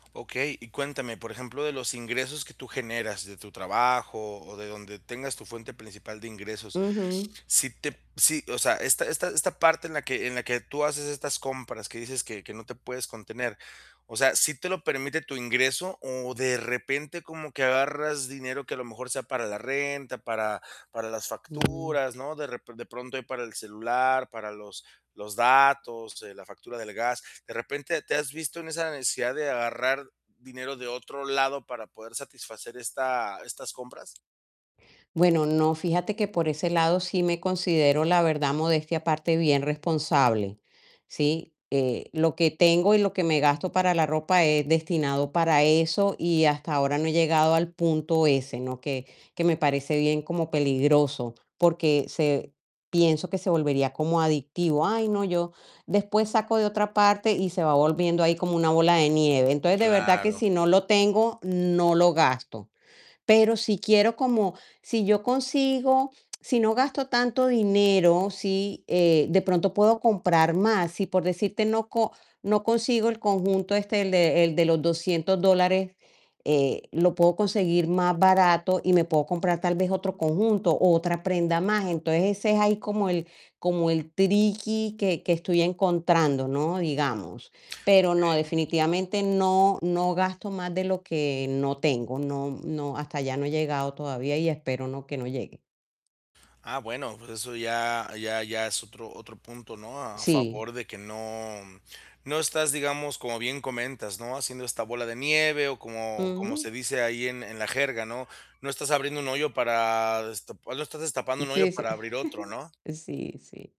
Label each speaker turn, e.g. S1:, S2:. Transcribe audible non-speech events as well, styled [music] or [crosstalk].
S1: Okey. Y cuéntame, por ejemplo, de los ingresos que tú generas de tu trabajo, o de donde tengas tu fuente principal de ingresos,
S2: Ujú.
S1: si te si, o sea, esta esta esta parte en la que en la que tú haces estas compras, que dices que que no te puedes contener, o sea, ¿sí te lo permite tu ingreso, o de repente como que agarras dinero que a lo mejor, sea para la renta, para para las
S2: Mm.
S1: facturas, no, de rep de pronto ahí para el celular, para los los datos, eh, la factura del gas? ¿De repente te has visto en esa necesidad de agarrar dinero de otro lado para poder satisfacer esta estas compras?
S2: Bueno, no, fíjate que, por ese lado sí me considero, la verdad, modestia aparte bien responsable, ¿sí? Eh, lo que tengo y lo que me gasto para la ropa es destinado para eso y, hasta ahora no he llegado al punto ese, ¿no?, que que me parece bien como peligroso, porque se pienso que se volvería como adictivo. Ay, no, yo después saco de otra parte, y se va volviendo ahí como una bola de nieve. Entonces, de verdad que
S1: Claro.
S2: si no lo tengo, no lo gasto, pero si quiero como si yo consigo si no gasto tanto dinero, sí, eh, de pronto puedo comprar más, si, por decirte, no co no consigo el conjunto este, el de el de los $200 dólares, eh, lo puedo conseguir más barato, y me puedo comprar tal vez otro conjunto, o otra prenda más. Entonces, ese es ahí como el como el triqui que que estoy encontrando, ¿no?, digamos. Pero no,
S1: Okey.
S2: definitivamente no no gasto más de lo que no tengo, no no hasta allá no he llegado todavía y, espero no que no llegue.
S1: Ah, bueno, pues eso ya ya ya es otro otro punto, ¿no?, a
S2: Sí.
S1: favor de que no no estás, digamos, como bien comentas, ¿no?, haciendo esta bola de nieve, o como como se
S2: Ujú.
S1: dice ahí en en la jerga, ¿no?, no estás abriendo un hoyo para destap hoy no estás destapando un hoyo
S2: Sí, sí,
S1: para abrir otro,
S2: [chuckles]
S1: ¿no?
S2: sí, sí.